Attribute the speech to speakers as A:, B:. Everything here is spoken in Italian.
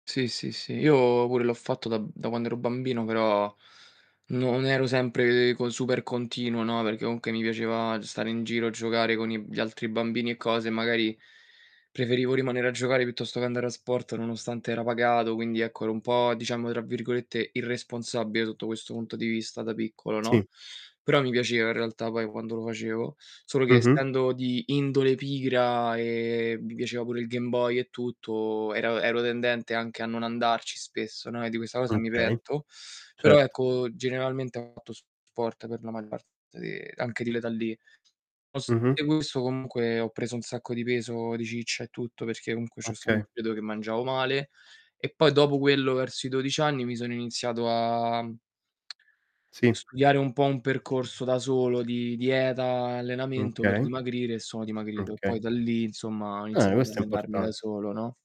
A: Sì, sì, sì, io pure l'ho fatto da b da quand'ero bambino, però non ero sempre co super continuo, no, perché comunque mi piaceva stare in giro a giocare con i gli altri bambini e cose, e magari preferivo rimanere a giocare piuttosto che andare a sport, nonostante era pagato, quindi, ecco, ero un po', diciamo, tra virgolette, "irresponsabile", sotto questo punto di vista, da piccolo, no,
B: Sì.
A: però mi piaceva, in realtà, poi quando lo facevo. Solo che
B: Mh-mh.
A: essendo di indole pigra e mi piaceva pure il Game Boy e tutto, ero ero tendente anche a non andarci spesso, no, e di questa cosa
B: Mh.
A: mi
B: Okay.
A: pento. Però,
B: Certo.
A: ecco, generalmente ho fatto sport per la maggior parte di anche di l'età lì.
B: Mh-mh.
A: [unintelligible] comunque, ho preso un sacco di peso, di ciccia e tutto, perché comunque c'è stato un
B: Oka
A: periodo che mangiavo male. E, poi dopo quello, verso i 12 anni mi sono iniziato a, mhmm,
B: Sì.
A: studiare un po' un percorso da solo di dieta e
B: Mh.
A: allenamento per
B: Okay.
A: dimagrire, e sono
B: Mh.
A: dimagrito. E
B: Okay.
A: poi da lì, insomma, ho
B: Eh,
A: iniziato ad
B: questo è
A: allenarmi da
B: important
A: solo, no?